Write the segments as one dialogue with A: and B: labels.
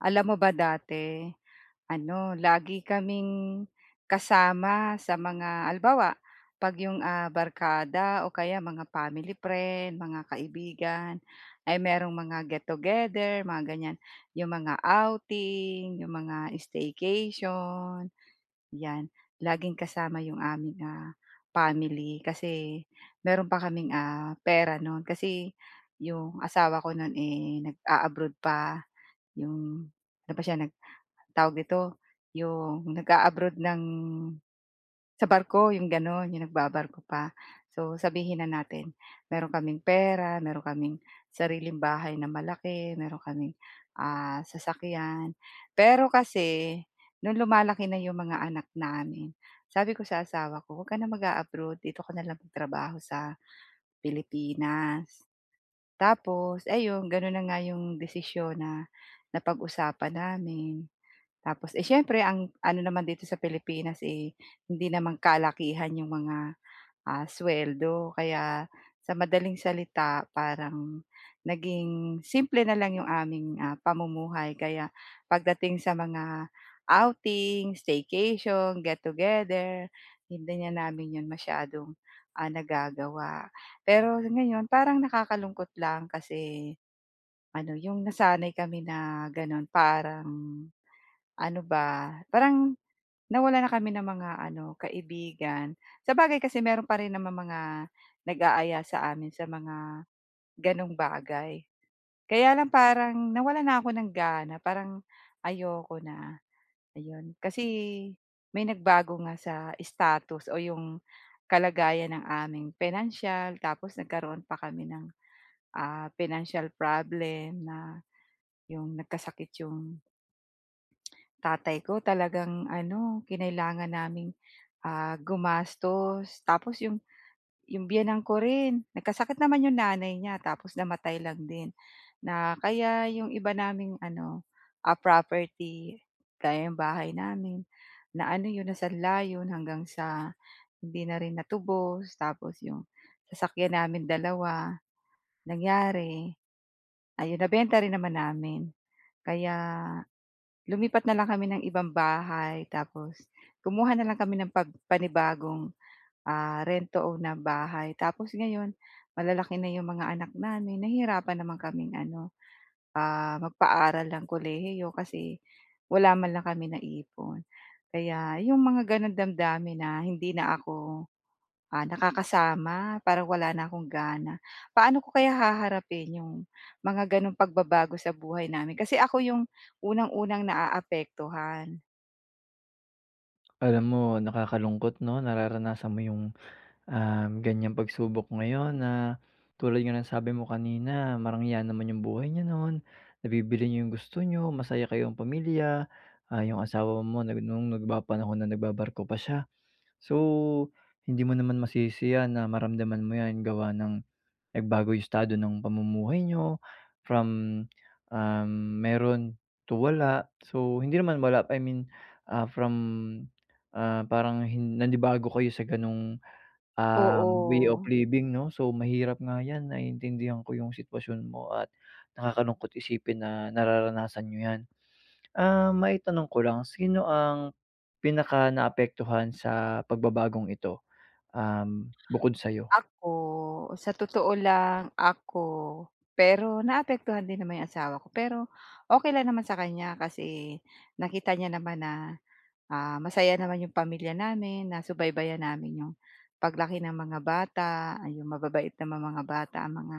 A: Alam mo ba dati, ano, lagi kaming kasama sa mga halimbawa kapag iyong ah, barkada o kaya mga family friend, mga kaibigan ay mayroong mga get together, mga ganyan. Iyong mga outing, iyong mga staycation, yan. Laging kasama iyong aming, ah, family kasi mayroon pa kaming ah, pera noon. Kasi iyong asawa ko noon eh nag-aabroad pa, iyong ano pa siya nagtawag nito iyong nag-aabroad ng sa barko iyong ganoon, iyong nagbabarko pa. So sabihin na natin mayroon kaming pera, meron kaming sariling bahay na malaki, mayroon kaming ah, sasakyan. Pero kasi, nung lumalaki na iyong mga anak namin, sabi ko sa asawa ko, "Wag ka na mag-aabroad, dito ka na lang magtrabaho sa Pilipinas." Tapos ayun, ganoon na nga iyong desisyon na napag-usapan namin. Tapos eh, siyempre ang ano naman dito sa Pilipinas eh hindi naman kalakihan yung mga, ah, sweldo. Kaya sa madaling salita, parang, naging simple na lang yung aming ah, pamumuhay kaya pagdating sa mga outing, staycation, get together, hindi na namin yun masyadong, ah, nagagawa. Pero ngayon, parang nakakalungkot lang kasi, ano iyong nasanay kami na ganoon parang ano ba? Parang nawalan na kami ng mga ano, kaibigan. Sabagay kasi mayroon pa rin namang mga nag-aaya sa amin sa mga, ganung bagay. Kaya lang parang nawalan na ako ng gana, parang ayoko na, ayun. Kasi, may nagbago nga sa status o iyong kalagayan ng aming pinansiyal, tapos nagkaroon pa kami ng ah, financial problem na yung nagkasakit yung tatay ko talagang ano kinailangan naming ah, gumastos. Tapos iyong iyong biyenan ko rin, nagkasakit naman iyong nanay niya, tapos namatay lang din. Na kaya iyong iba naming ano, ah, property, gaya iyong bahay namin, na ano iyon na sanla iyon hanggang sa hindi na rin natubos, tapos iyong sasakyan namin dalawa, nangyari, ayun, nabenta rin naman namin, kaya lumipat na lang kami ng ibang bahay tapos kumuha na lang kami ng pag panibagong ah, rent to own na bahay tapos ngayon malalaki na iyong mga anak namin nahirapan naman kaming ano, ah, magpaaral ng kolehiyo kasi wala man lang kami naipon. Kaya iyong mga ganoon damdamin na hindi na ako ah, nakakasama parang wala na akong gana. Paano ko kaya haharapin iyong mga ganong pagbabago sa buhay namin? Kasi ako iyong unang-unang naaapektuhan.
B: Alam mo, nakakalungkot 'no, nararanasan mo yung, um, ganyang pagsubok ngayon na tulad nga ng sabi mo kanina marangya naman yung buhay niyo noon, nabibili niyo yung gusto niyo, masaya kayong pamilya, ah, yung asawa mo rin na nung nagpapanahon na nagbabarko pa siya. So, hindi mo naman masisi 'yan na maramdaman mo 'yan gawa ng nagbago yung estado ng pamumuhay niyo, from, ah, meron to wala. So, hindi naman wala, I mean, ah, from, ah, parang hin nanibago kayo sa ganong, um, way of
A: Oo.
B: living, 'no. So, mahirap nga 'yan naiintindihan ko yung sitwasyon mo at nakakalungkot isipin na nararanasan niyo 'yan. Ah, maitanong ko lang, sino ang pinakanaapektuhan sa pagbabagong ito, um, bukod sa'yo?
A: Ako, sa totoo lang ako. Pero naapektuhan din naman 'yong asawa ko pero okey lang naman sa kanya kasi nakita niya naman na, ah, masaya naman 'yong pamilya namin, nasubaybayan namin 'yong paglaki ng mga bata, 'yong mababait na mga bata ang mga,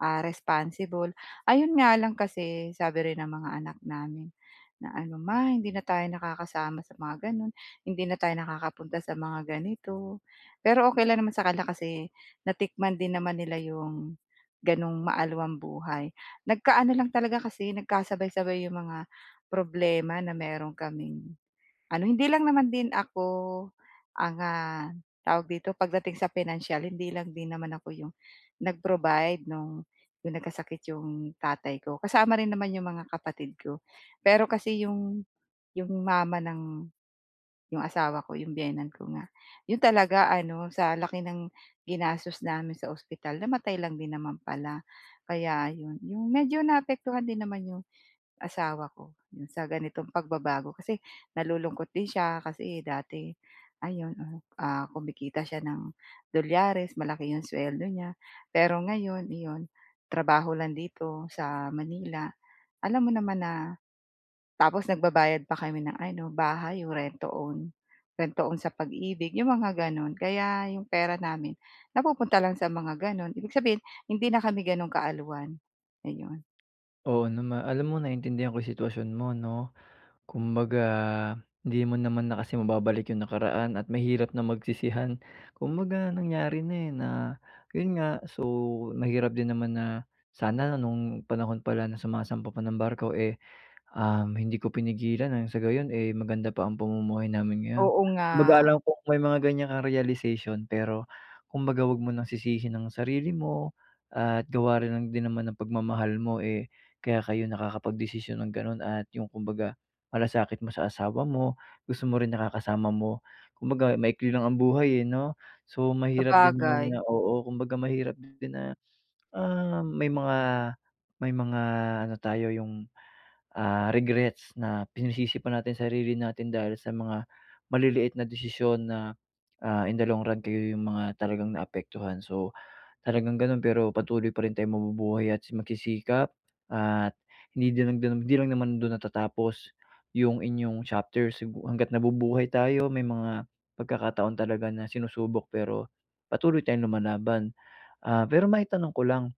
A: ah, responsible. Ayun nga lang kasi sabi rin ng mga anak namin na ano, "Ma hindi na tayo nakakasama sa mga gano'n, hindi na tayo nakakapunta sa mga ganito." Pero okey lang naman sa kanila kasi natikman din naman nila 'yong gano'n maalwan buhay. Nagkaano lang talaga kasi nagkasabay-sabay 'yong mga problema na meron kaming ano, hindi lang naman din ako ang, ah, tawag dito pagdating sa pinansiyal, hindi lang din naman ako 'yong nag-provide nung yung nagkasakit yung tatay ko. Kasama rin naman yung mga kapatid ko. Pero kasi yung yung mama ng 'yong asawa ko 'yong biyenan ko nga, 'yon talaga ano, sa laki ng ginastos namin sa ospital namatay lang din naman pala. Kaya 'yon, 'yong medyo naapektuhan din naman 'yong asawa ko 'yong sa ganitong pagbabago kasi nalulungkot din siya kasi dati ayon, ah, kumikita siya ng dolyares, malaki 'yong suweldo niya pero ngayon iyon, trabaho lang dito sa Manila. Alam mo naman na tapos nagbabayad pa kami ng ano, bahay 'yong rent to own. Rent to own sa Pag-Ibig 'yong mga gano'n, kaya 'yong pera namin napupunta lang sa mga gano'n, ibig sabihin hindi na kami gano'n kaalwan, ayon.
B: Oo, nama alam mo naintindihan ko yung sitwasyon mo 'no. Kumbaga hindi mo naman na kasi mababalik yung nakaraan at mahirap na magsisihan kumbaga nangyari na, eh, na yun nga so, mahirap din naman na, "Sana nung panahon pala na sumasampa pa ng barko, eh, um, hindi ko pinigilan ang sa gayon, eh, maganda pa ang pamumuhay namin ngayon."
A: Oo, nga.
B: Kumbaga alam kong may mga ganyan kang realization pero kumbaga 'wag mo nang sisihin ang sarili mo at gawa rin lang din naman ng pagmamahal mo, eh, kaya kayo nakakapagdesisyon ng ganun at yung kumbaga malasakit mo sa asawa mo. Gusto mo rin nakakasama mo, kumbaga maikli lang ang buhay, eh, 'no. So, mahirap din naman na
A: Sabagay.
B: oo kumbaga mahirap din na, ah, may mga may mga ano tayo yung, ah, regrets na pinasisi pa natin sarili natin dahil sa mga maliliit na desisyon na, ah, in the long run kayo yung mga talagang naapektuhan. So, talagang ganun pero patuloy pa rin tayong mabubuhay at si magsisikap at hindi din lang dun hindi lang naman dun natatapos yung inyong chapters, sigu hangga't nabubuhay tayo may mga pagkakataon talaga na sinusubok pero patuloy tayong lumalaban. Ah, pero maitanong ko lang,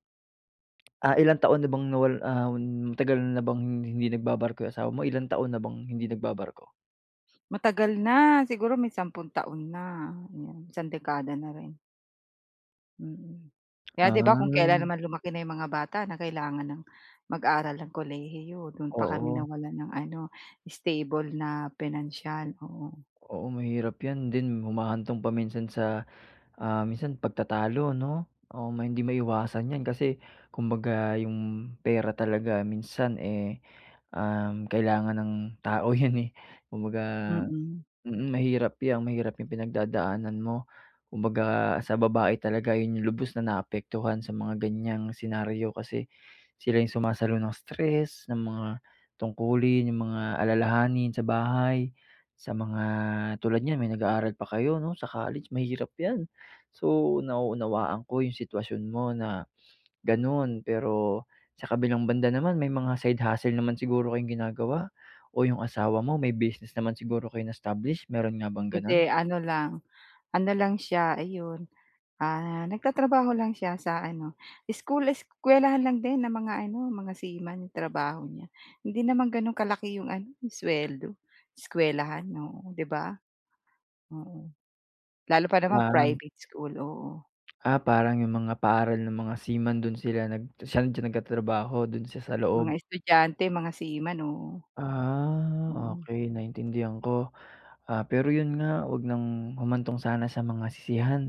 B: ah, ilang taon na bang nawal ah, matagal na bang hindi nagbabarko yung asawa mo? Ilang taon na bang hindi nagbabarko?
A: Matagal na, siguro may sampung taon na. Oo isang dekada na rin. Mm kaya 'di ba kung kailan
B: Ah.
A: naman lumaki na yung mga bata na kailangan ng mag-aral ng kolehiyo dun pa kami
B: Oo.
A: nawalan ng ano stable na pinansiyal, oo.
B: Oo mahirap yan din humahantong pa minsan sa, ah, minsan pagtatalo no? O may hindi maiwasan yan kasi kumbaga yung pera talaga minsan eh, um, kailangan ng tao yun eh, kumbaga,
A: Mm.
B: mm, mahirap yan mahirap yang pinagdadaanan mo. Kumbaga sa babae talaga yun yung lubos na naapektuhan sa mga ganyang senaryo, kasi sila yung sumasalo ng stress, ng mga tungkulin, yung mga alalahanin sa bahay. Sa mga, tulad niyan may nag-aaral pa kayo 'no sa college, mahirap yan. So nauunawaan ko yung sitwasyon mo na, ganun. Pero sa kabilang banda naman may mga side hustle naman siguro kayong ginagawa? O yung asawa mo may business naman siguro kayong na-establish meron nga bang ganun?
A: Hindi ano lang ano lang siya, ayun, ah, nagtatrabaho lang siya sa ano school eskuwelahan lang din ng mga ano mga seaman trabaho niya. Hindi naman ganun kalaki iyong ano yung sweldo, eskuwelahan oo 'di ba? Oo lalo pa naman
B: Ah.
A: private school oo.
B: Ah, parang yung mga paaral nung mga seaman dun sila nag san siya nagtatrabaho dun siya sa
A: Mga
B: loob.
A: estudyante mga seaman oo.
B: Ah,
A: Mhm.
B: okey naintindihan ko. Ah, pero iyon nga huwag nang humantong sana sa mga sisihan.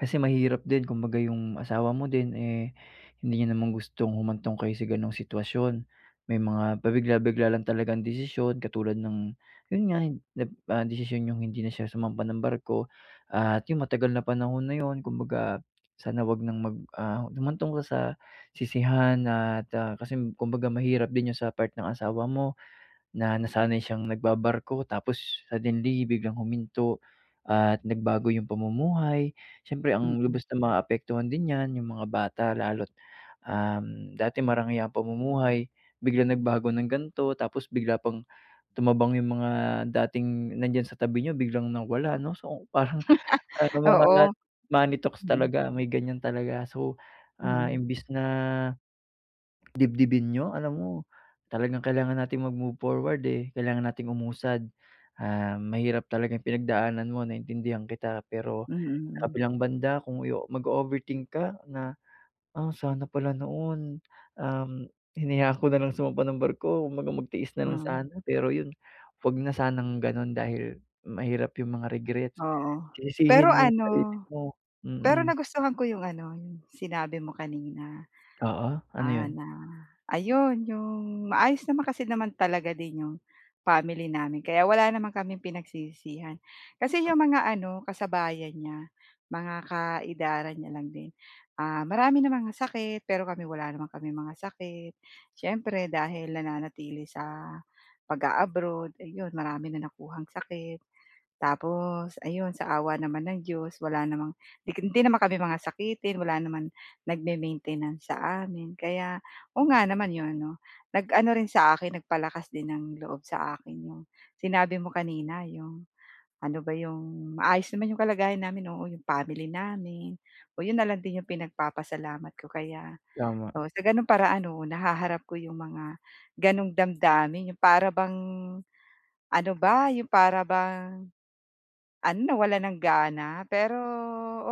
B: Kasi mahirap din kumbaga yung asawa mo din eh hindi niya naman gustong humantong kayo sa ganong sitwasyon. May mga pabigla-bigla lang talagang desisyon katulad ng, yun nga, nag ah, desisyon iyong hindi na siya sumampa ng barko at yung matagal na panahon na iyon kumbaga sana huwag nang mag ah, humantong pa sa sisihan at ah, kasi kumbaga mahirap din yun sa part ng asawa mo na nasanay siyang nagbabarko tapos suddenly biglang huminto at nagbago yung pamumuhay. Siyempre ang
A: Mm.
B: lubos na maaapektuhan din niyan yung mga bata lalo at um, dati marangya ang pamumuhay, biglang nagbago ng gan'to, tapos bigla pang tumabang yung mga dating nandiyan sa tabi niyo biglang nawala no? So parang mga
A: Oo,
B: money talks
A: mm.
B: talaga may ganyan talaga. So, ah,
A: Mhm.
B: imbes na dibdibin niyo? Alam mo, talagang kailangan nating mag move forward eh kailangan nating umusad. Um, mahirap talagang pinagdaanan mo naiintindihan kita. Pero,
A: Mm,
B: sa
A: hmm.
B: kabilang banda kung mag-o-overthink ka, na, "Ah, sana pala noon um, hinayaan ko na lang sumampa ng barko" Kumbaga magtiis na lang
A: Mm.
B: sana. Pero iyon huwag na sanang ganun dahil mahirap iyong mga regrets.
A: Oo pero
B: Sisisihin mo sarili
A: ano,
B: mo
A: pero
B: mm.
A: nagustuhan ko yung ano yung sinabi mo kanina.
B: Oo ano
A: Ah,
B: yun?
A: na ayon, yung maayos naman kasi naman talaga din yung family namin kaya wala naman kaming pinagsisihan. Kasi yung mga ano, kasabayan niya, mga ka-edaran niya lang din. Ah, marami ng mga sakit, pero kami wala naman kaming mga sakit. Siyempre dahil nananatili sa pag-a-abroad eh iyon, marami na nakuhang sakit. Tapos ayon, sa awa naman ng Diyos wala namang di hindi naman kami mga sakitin wala naman nagme-maintenance sa amin kaya oo nga naman iyon ano, nag-ano rin sa akin nagpalakas din ng loob sa akin yung sinabi mo kanina yung ano ba yung maayos naman iyong kalagayan namin, oo, iyong family namin, oo yun na lang din yung pinagpapasalamat ko kaya,
B: Tama.
A: oo sa ganong para ano nahaharap ko yung mga ganoong damdamin, yung para bang, ano ba, yung para bang, ano na wala nang gana pero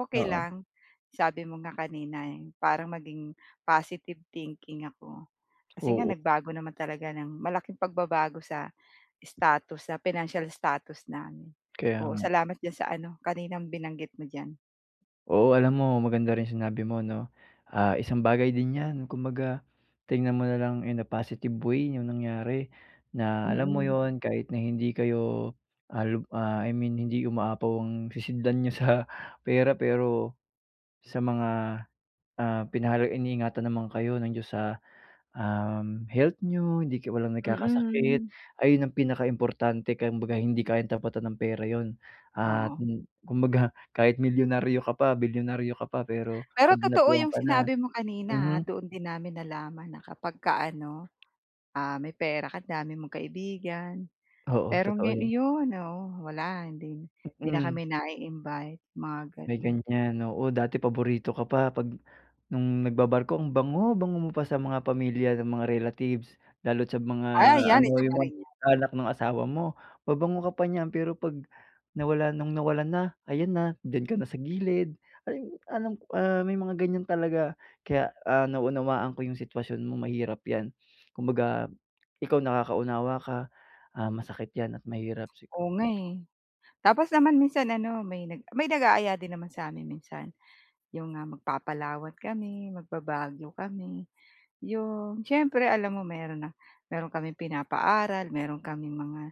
A: okey
B: Oo.
A: lang sabi mo nga kanina eh parang maging positive thinking ako. Kasi nga
B: Oo.
A: nagbago naman talaga ng malaking pagbabago sa status sa financial status namin.
B: Kaya
A: Oo
B: nga.
A: salamat diyan sa ano kaninang binanggit mo diyan.
B: Oo alam mo maganda rin yung sinabi mo 'no. Ah, isang bagay din yan, kumbaga tingnan mo na lang in a positive way yung nangyari, na alam mo
A: Mm.
B: yun kahit na hindi kayo, ah ah, I mean hindi umaapaw ang sisidlan niyo sa pera. Pero, sa mga, ah, pinahalag iniingatan naman kayo ng Diyos sa um, health niyo, hindi ka walang nagkakasakit.
A: Mm.
B: Ayun ang pinaka importante kumbaga hindi kayang tapatan ng pera iyon. Ah,
A: Oo.
B: kumbaga kahit milyonaryo ka pa, bilyonaryo ka pa, pero
A: Pero
B: pag
A: totoo
B: dinapuan
A: yung
B: ka na
A: sinabi mo kanina ah,
B: mhm.
A: doon din namin nalaman na kapagka ano, ah, may pera ka dami mong kaibigan.
B: Oo,
A: Pero
B: totoo
A: ngay
B: yun.
A: ayun oo wala hindi hindi na
B: Mm.
A: kami nai-invite, mga
B: May
A: ganun.
B: ganyan oo dati paborito ka pa pag nung nagbabarko ang bango-bango mo pa sa mga pamilya na mga relatives lalo at sa mga
A: Ah, 'yan
B: ano
A: isa pa
B: yung mga
A: rin yan.
B: anak ng asawa mo. Mabango ka pa niyan pero pag nawala nung nawalan na ayan na diyan ka na sa gilid ay alam ah, may mga ganyan talaga. Kaya ah, naunawaan ko yung sitwasyon mo mahirap yan. Kumbaga, ikaw nakakaunawa ka ah, masakit yan at mahirap sigu
A: Oo nga eh. Tapos naman minsan ano may may nag-aaya din naman sa amin minsan yung nga mag Papalawan kami, magba-Baguio kami. Yung siyempre alam mo meron na meron kaming pinapaaral, meron kaming mga,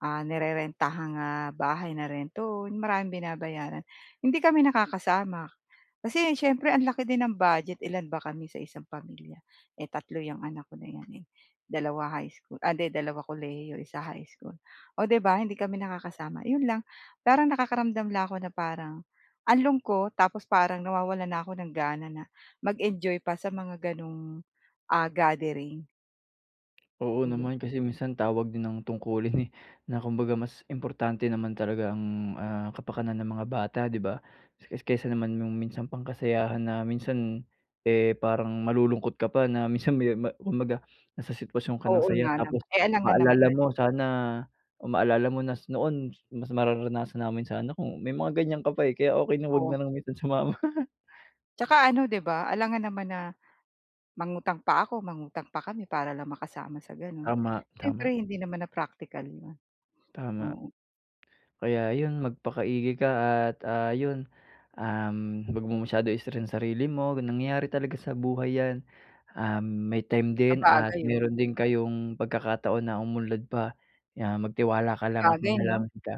A: ah, nirerentahang ah, bahay na rent to own, maraming binabayaran. Hindi kami nakakasama, kasi siyempre ang laki din ng budget ilan ba kami sa isang pamilya, eh tatlo yang anak ko na yan eh, dalawa high school ah 'di dalawa kolehiyo isa high school. Oh 'di ba hindi kami nakakasama yun lang. Parang nakakaramdam lang ako na parang ang lungkot ko tapos parang nawawalan na ako ng gana na mag-enjoy pa sa mga ganong ah, gathering.
B: Oo
A: Oh, yun.
B: naman. Kasi minsan tawag din ng tungkulin eh, na kumbaga mas importante naman talaga ang, ah, kapakanan ng mga bata, di ba? Es kaysa naman yung minsan pang kasayahan na minsan ,eh, parang malulungkot ka pa, na minsan me ma kumbaga nasa sitwasyon ka ng
A: Oo
B: saya
A: nga
B: tapos
A: naman. Eh alangan naman,
B: maalala
A: eh
B: mo sana maalala mo na, "Noon mas mararanasan namin sana kung," may mga ganiyan ka pa eh. Kaya okey na 'wag
A: Oo.
B: na lang minsan sumama.
A: Tsaka ano, 'di ba, alangan naman na mangutang pa ako, mangutang pa kami, para lang makasama sa gano'n.
B: Tama, tama.
A: Siyempre hindi naman na praktikal 'yon,
B: Tama.
A: oo.
B: Kaya yun magpakaigi ka at, ah, yun, um, 'wag mo masyado stressin sarili mo, nangyayari talaga sa buhay yan. Um, may time din at
A: Sabagay, yun.
B: meron din kayong pagkakataon na umunlad pa. 'Yan magtiwala ka lang at
A: Sabagay, 'no?
B: manalangin ka.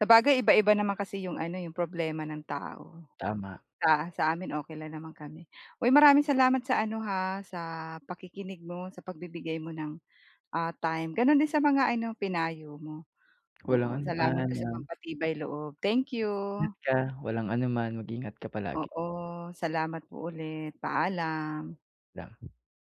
A: Sabagay iba-iba naman kasi yung ano eh, yung problema ng tao.
B: Tama.
A: Sa sa amin okey lang naman kami. Uy, maraming salamat sa ano ha, sa pakikinig mo, sa pagbibigay mo ng, ah, time. Gano'n din sa mga ano, pinayo mo,
B: Walang
A: oo. Salamat
B: anuman,
A: din sa
B: ah
A: pampatibay loob. Thank you!
B: Ingat ka. Walang anuman. Mag-ingat ka palagi.
A: Oo. Salamat po ulit. Paalam.
B: La